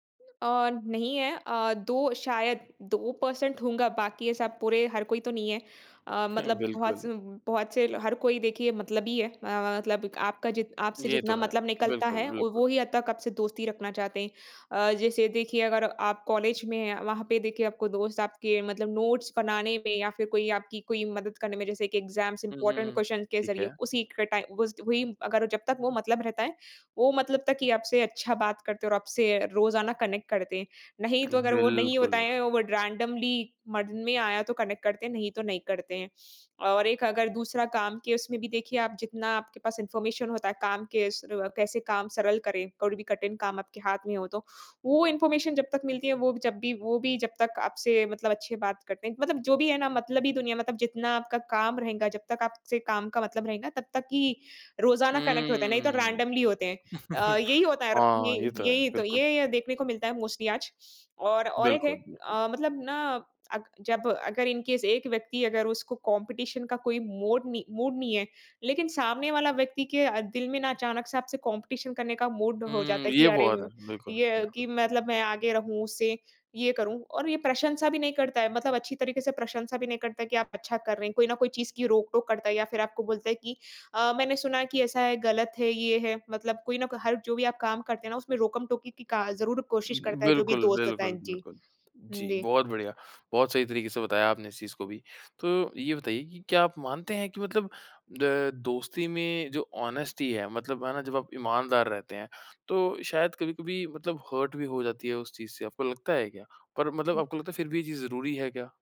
अ, नहीं है अ, 2 शायद 2 पर्सेंट होगा बाकी ये सब पूरे हर कोई तो नहीं है। अ, मतलब बहुत बिल्कुल। स बहुत से ल हर कोई देखिए मतलबी है अ अ, मतलब आपका जित आपसे ये तो जितना है। मतलब निकलता है, बिल्कुल, ओ बिल्कुल। वो ही हद तक आपसे दोस्ती रखना चाहते हैं। अ, जैसे देखिए अगर आप कॉलेज में हैं, वहाँ पे देखिए आपको दोस्त आपके मतलब नोट्स बनाने में या फिर कोई आपकी कोई मदद करने में जैसे कि एग्ज़ाम्स हुँ, हुँ, इम्पॉर्टेंट हुँ। क्वेस्शन्स के ठीक ज़रिए, है। उसी के टाइम बस वही अगर जब तक वो मतलब रहता है, वो मतलब तक की आपसे अच्छा बात करते हैं और आपसे रोज़ाना कनेक्ट करते हैं। नहीं तो अगर वो नहीं होता बिल्कुल। है वो रैंडमली मन में आया तो कनेक्ट करते, नहीं तो नहीं करते हैं। और एक अगर दूसरा काम कि उसमे भी देखिए आप जितना आपके पास इन्फॉर्मेशन होता है, काम के शुरू कैसे काम सरल करें, कोई भी कठिन काम आपके हाथ में हो तो। वो इन्फॉर्मेशन जब तक मिलती है वो जब भी वो भी जब तक आपसे मतलब अच्छे बात करते हैं, मतलब जो भी है ना मतलबी दुनिया मतलब जितना आपका काम रहेगा, जब तक आपसे काम का मतलब रहेगा तब तक की रोज़ाना कनेक्ट होते हैं, नहीं तो हम्म। रैंडमली होते हैं। अ, यही होता है र ये हाँ, ये तो है यही तो बिल्कुल। ये-ये देखने को मिलता है मोस्टली आज और और एक है बिल्कुल। अ, मतलब ना अग जब अगर इन केस एक व्यक्ति अगर उसको कॉम्पिटिशन का कोई मोड नहीं मूड नहीं है, लेकिन सामने वाला व्यक्ति के दिल में ना अचानक से आपसे कॉम्पिटिशन करने का मूड हो जाता हम्म, है, कि ये अरे बहुत है बिल्कुल, ये बिल्कुल। कि मतलब मैं आगे रहूँ उससे, ये करूँ और ये प्रशंसा भी नहीं करता है, मतलब अच्छी तरीक़े से प्रशंसा भी नहीं करता है कि आप अच्छा कर रहे हैं। कोई न कोई चीज़ की रोक-टोक करता है या फिर आपको बोलता है कि अ, मैंने सुना है कि ऐसा है ग़लत है, ये है मतलब कोई न कोई हर जो भी आप काम करते हैं ना, उसमें रोकम टोकी की का ज़रूर कोशिश करता है जो भी बिल्कुल, दोस्त होता बिल्कुल, है, जी। बिल्कुल। जी जी। बहुत बढ़िया, बहुत सही तरीक़े से बताया आपने इस चीज़ को भी। तो ये बताइए कि क्या आप मानते हैं कि मतलब अ, दोस्ती में जो ऑनेस्टी है मतलब है ना जब आप ईमानदार रहते हैं, तो शायद कभी-कभी मतलब हर्ट भी हो जाती है उस चीज़ से, आपको लगता है क्या? पर मतलब हुँ। आपको लगता है फिर भी ये चीज़ ज़रूरी है क्या?